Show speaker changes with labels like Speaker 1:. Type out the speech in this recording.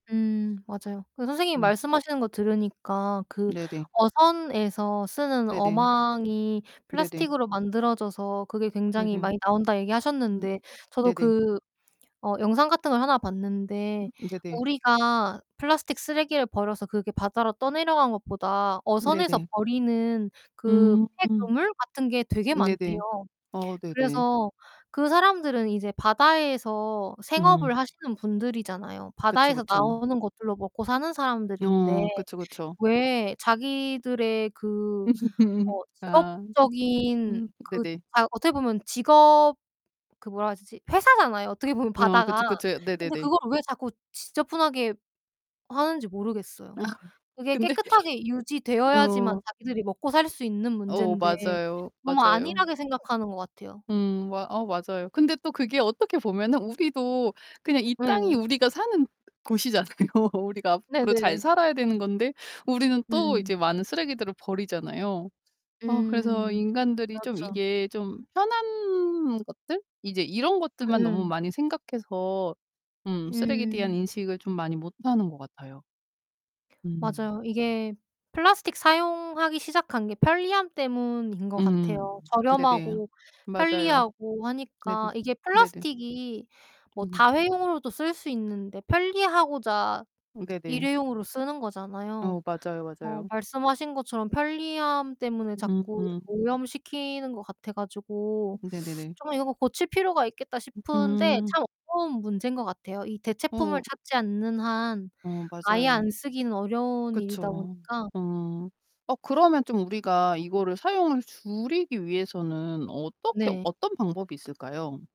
Speaker 1: 음 맞아요. 그 선생님이
Speaker 2: 음.
Speaker 1: 말씀하시는 거 들으니까 그
Speaker 2: 네네.
Speaker 1: "어선에서 쓰는
Speaker 2: 네네.
Speaker 1: 어망이
Speaker 2: 네네.
Speaker 1: 플라스틱으로 만들어져서 그게 굉장히
Speaker 2: 네네.
Speaker 1: 많이 나온다."
Speaker 2: 음.
Speaker 1: 얘기하셨는데 저도
Speaker 2: 네네.
Speaker 1: 그 어 영상 같은 걸 하나
Speaker 2: 음
Speaker 1: 봤는데
Speaker 2: 네네.
Speaker 1: 우리가 플라스틱 쓰레기를 버려서 그게 바다로 떠내려간 것보다 어선에서
Speaker 2: 네네.
Speaker 1: 버리는 그
Speaker 2: 음.
Speaker 1: 폐 그물 같은 게 되게 많대요.
Speaker 2: 네네. 어, 네네.
Speaker 1: 그래서 그 사람들은 이제 바다에서
Speaker 2: 음.
Speaker 1: 생업을 하시는 분들이잖아요.
Speaker 2: 그쵸,
Speaker 1: 바다에서
Speaker 2: 그쵸.
Speaker 1: 나오는 것들로 먹고 사는 사람들인데
Speaker 2: 어, 그쵸, 그쵸.
Speaker 1: 왜 자기들의 그 뭐
Speaker 2: 아.
Speaker 1: 직업적인
Speaker 2: 음.
Speaker 1: 그
Speaker 2: 네네.
Speaker 1: 아 어떻게 보면 직업 그 뭐라 해야 되지? 회사잖아요 어떻게 보면
Speaker 2: 어,
Speaker 1: 바다가.
Speaker 2: 그쵸, 그쵸.
Speaker 1: 근데
Speaker 2: 네네네.
Speaker 1: 그걸 왜 자꾸 지저분하게 하는지 모르겠어요.
Speaker 2: 아.
Speaker 1: 그게
Speaker 2: 근데
Speaker 1: 깨끗하게 유지되어야지만
Speaker 2: 어.
Speaker 1: 자기들이 먹고 살 수 있는
Speaker 2: 어
Speaker 1: 문제인데
Speaker 2: 맞아요.
Speaker 1: 너무
Speaker 2: 맞아요.
Speaker 1: 안일하게 생각하는 거 같아요.
Speaker 2: 음 마 아 맞아요. 근데 또 그게 어떻게 보면은 우리도 그냥 이 땅이
Speaker 1: 예.
Speaker 2: 우리가 사는 곳이잖아요. 우리가 앞으로 잘
Speaker 1: 네네.
Speaker 2: 살아야 되는 건데 우리는 또 이제
Speaker 1: 음.
Speaker 2: 많은 쓰레기들을 버리잖아요. 아 그래서
Speaker 1: 음.
Speaker 2: 인간들이 좀
Speaker 1: 맞아.
Speaker 2: 이게 좀 편한 것들, 이제 이런 것들만 너무
Speaker 1: 음.
Speaker 2: 많이 생각해서 음 쓰레기에 대한
Speaker 1: 음.
Speaker 2: 인식을 좀 많이 못 하는 것 같아요. 음.
Speaker 1: 맞아요. 이게 플라스틱 사용하기 시작한 게 편리함 때문인 거
Speaker 2: 음,
Speaker 1: 같아요.
Speaker 2: 네네.
Speaker 1: 저렴하고
Speaker 2: 맞아요.
Speaker 1: 편리하고
Speaker 2: 네네.
Speaker 1: 하니까 이게
Speaker 2: 네네.
Speaker 1: 플라스틱이 뭐
Speaker 2: 음 네.
Speaker 1: 다회용으로도 쓸 수 있는데 편리하고자
Speaker 2: 네네.
Speaker 1: 일회용으로 쓰는 거잖아요.
Speaker 2: 어 맞아요,
Speaker 1: 어
Speaker 2: 맞아요.
Speaker 1: 말씀하신 것처럼 편리함 때문에 자꾸
Speaker 2: 음.
Speaker 1: 오염시키는 거 같아 가지고
Speaker 2: 네네네.
Speaker 1: '좀 이거 고칠 필요가 있겠다.' 싶은데
Speaker 2: 음.
Speaker 1: 참 어려운 문제인 거 같아요. 이 대체품을
Speaker 2: 어.
Speaker 1: 찾지 않는 한
Speaker 2: 어
Speaker 1: 아예
Speaker 2: 맞아요.
Speaker 1: 안 쓰기는 어려운
Speaker 2: 그쵸.
Speaker 1: 일이다 보니까
Speaker 2: 어. 어 그러면 좀 우리가 이거를 사용을 줄이기 위해서는 어떻게
Speaker 1: 네.
Speaker 2: 어떤 방법이 있을까요?